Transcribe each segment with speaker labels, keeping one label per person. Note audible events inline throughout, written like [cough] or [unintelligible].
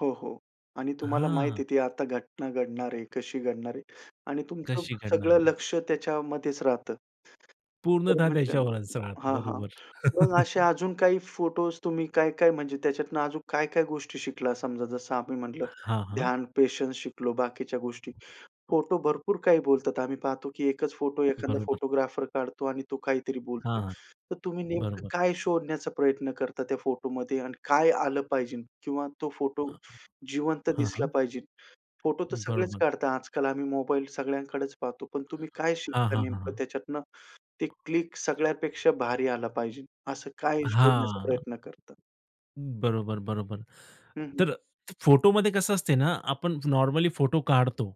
Speaker 1: हो, हो आणि तुम्हाला माहिती
Speaker 2: हां.
Speaker 1: आहे ती आता घटना घडणार आहे. कशी घडणार आहे आणि तुमचं
Speaker 2: कशी घडणार
Speaker 1: सगळं
Speaker 2: आहे?
Speaker 1: लक्ष त्याच्यामध्येच राहतं. तर
Speaker 2: पूर्णतः
Speaker 1: म्हणजे अं,
Speaker 2: त्याच्यावरच राहतं,
Speaker 1: हां, हां.
Speaker 2: बरोबर.
Speaker 1: मग असे
Speaker 2: [chuckles]
Speaker 1: अजून काही फोटोस तुम्ही काय-काय म्हणजे त्याच्यातून अजून काय-काय गोष्टी शिकला? समजा जसं आम्ही म्हटलं तर
Speaker 2: हां, हां.
Speaker 1: ध्यान, पेशन्स शिकलो, बाकीच्या गोष्टी. फोटो भरपूर काही बोलतात. आम्ही पाहतो की एकच फोटो एखादा
Speaker 2: बरोबर.
Speaker 1: फोटोग्राफर काढतो आणि तो काहीतरी बोलतो.
Speaker 2: हां, हां.
Speaker 1: तर तुम्ही नेमकं
Speaker 2: बरोबर.
Speaker 1: काय शोधण्याचा प्रयत्न करतात त्या फोटोमध्ये आणि काय आलं पाहिजे? किंवा तो फोटो
Speaker 2: अ, हो,
Speaker 1: जिवंत
Speaker 2: हां,
Speaker 1: दिसला
Speaker 2: हां.
Speaker 1: पाहिजे. फोटो तर सगळेच
Speaker 2: बरोबर.
Speaker 1: काढतात. आजकाल आम्ही मोबाईल सगळ्यांकडेच पाहतो. पण तुम्ही काय
Speaker 2: हां,
Speaker 1: शिकता
Speaker 2: हां, हां,
Speaker 1: नेमकं
Speaker 2: हां.
Speaker 1: त्याच्यातनं. ते क्लिक
Speaker 2: [unintelligible]
Speaker 1: सगळ्यापेक्षा भारी आला पाहिजे, असं काय शोधण्याचा
Speaker 2: हां.
Speaker 1: प्रयत्न करता?
Speaker 2: बरोबर, बरोबर.
Speaker 1: हं, हं.
Speaker 2: तर फोटोमध्ये कसं असते ना, आपण नॉर्मली फोटो काढतो.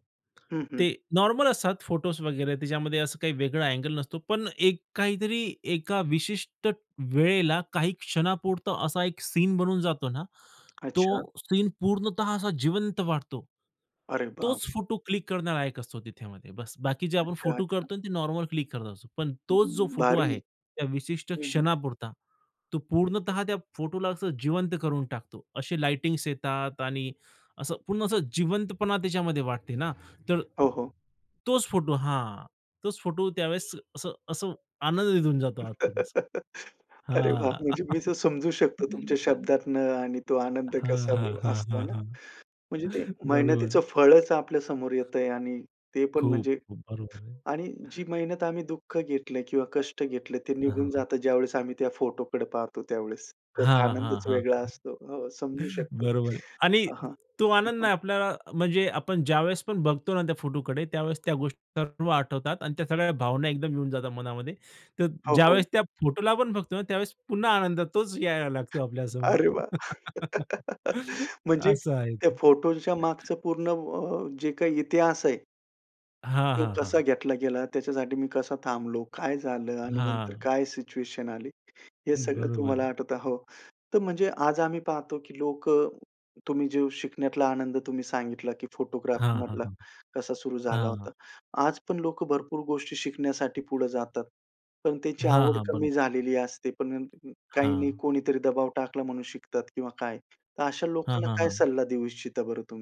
Speaker 1: हं, हं.
Speaker 2: ते नॉर्मल असतात फोटोस वगैरे, त्याच्यामध्ये असं काही वेगळा अँगल नसतो, पण एक काहीतरी एका विशिष्ट वेळेला काही क्षणापुरता असा एक सीन बनून जातो ना.
Speaker 1: अच्छा.
Speaker 2: तो सीन पूर्णतः असा जिवंत वाटतो.
Speaker 1: अरे बाप!
Speaker 2: तोच फोटो क्लिक करणारा एक असतो त्याच्यामध्ये. बस्स, बाकी जे आपण
Speaker 1: अच्छा,
Speaker 2: फोटो
Speaker 1: अच्छा.
Speaker 2: करतो ना ते नॉर्मल क्लिक करत असतो. पण
Speaker 1: अं,
Speaker 2: तोच जो फोटो
Speaker 1: भारी!
Speaker 2: आहे त्या विशिष्ट
Speaker 1: हं, हं.
Speaker 2: क्षणापुरता, तो
Speaker 1: एकदम.
Speaker 2: पूर्णतः त्या फोटोला असं जिवंत करून टाकतो. असे लाइटिंग्स येतात आणि असं पूर्ण असं जिवंतपणा त्याच्यामध्ये वाटते ना. तर
Speaker 1: हो, हो.
Speaker 2: तोच फोटो हां, तोच फोटो त्यावेळेस असं असं आनंद देऊन जातो आतून असं.
Speaker 1: [chuckles] अरे वाह!
Speaker 2: हां.
Speaker 1: म्हणजे मी तर समजू शकतो तुमच्या
Speaker 2: [chuckles]
Speaker 1: शब्दातनं आणि तो आनंद
Speaker 2: हां,
Speaker 1: कसा
Speaker 2: हां,
Speaker 1: ब
Speaker 2: हां,
Speaker 1: असतो, हे
Speaker 2: हां,
Speaker 1: ना?
Speaker 2: हां.
Speaker 1: म्हणजे ते मेहनतीचं
Speaker 2: बरोबर.
Speaker 1: फळच आपल्या समोर येतंय आणि ते पण
Speaker 2: खूप!
Speaker 1: म्हणजे
Speaker 2: बरोबर आहे.
Speaker 1: आणि जी मेहनत आम्ही दुःख घेतलंय किंवा कष्ट घेतले ते
Speaker 2: हां,
Speaker 1: निघून
Speaker 2: हां.
Speaker 1: जातं, ज्यावेळेस आम्ही त्या फोटोकडे पाहतो त्यावेळेस. त्याचा
Speaker 2: हां, हां, हां,
Speaker 1: आनंदच
Speaker 2: हां.
Speaker 1: वेगळा असतो. हो, समजू शकतो.
Speaker 2: बरोबर आहे आणि
Speaker 1: हां, हां,
Speaker 2: तो
Speaker 1: हां,
Speaker 2: आनंद ना
Speaker 1: हां.
Speaker 2: आपल्याला म्हणजे आपण ज्यावेळेस पण बघतो ना त्या फोटोकडे, त्यावेळेस त्या गोष्टी सर्व आठवतात अन् त्या सगळ्या भावना एकदम येऊन जातात मनामध्ये. तर
Speaker 1: हो, हो.
Speaker 2: ज्यावेळेस त्या फोटोला आपण बघतो ना, त्यावेळेस पुन्हा आनंद तोच यायला लागतो आपल्यासमोर.
Speaker 1: अरे वाह! [chuckles]
Speaker 2: [laughs]
Speaker 1: म्हणजे
Speaker 2: असं आहे
Speaker 1: त्या
Speaker 2: ते.
Speaker 1: फोटोच्या मागचं पूर्ण अ, जे काही इतिहास आहे
Speaker 2: हां,
Speaker 1: तो
Speaker 2: हां, हां.
Speaker 1: कसा घेतला गेला? त्याच्यासाठी मी कसा थांबलो? काय झालं? आणि नंतर
Speaker 2: हां.
Speaker 1: काय सिच्युएशन आली? हे सगळं
Speaker 2: बरोबर
Speaker 1: तुम्हाला
Speaker 2: आहे.
Speaker 1: आठवतं हो, तर म्हणजे आज आम्ही पाहतो की लोक तुम्ही जे शिकण्यातला आनंद तुम्ही सांगितला की फोटोग्राफी
Speaker 2: हां, हां,
Speaker 1: मधला
Speaker 2: हां.
Speaker 1: कसा सुरु झाला
Speaker 2: हां.
Speaker 1: होता, आज पण लोक भरपूर गोष्टी शिकण्यासाठी पुढे जातात, पण त्यांची
Speaker 2: हां,
Speaker 1: आवड
Speaker 2: हां. बरोब
Speaker 1: कमी झालेली असते. पण अं, काही नाही
Speaker 2: हां.
Speaker 1: कोणीतरी दबाव टाकला म्हणून शिकतात किंवा काय. तर अशा
Speaker 2: हां,
Speaker 1: लोकांना
Speaker 2: हां,
Speaker 1: काय
Speaker 2: हां.
Speaker 1: सल्ला देऊ इच्छिता बरं तुम्ही?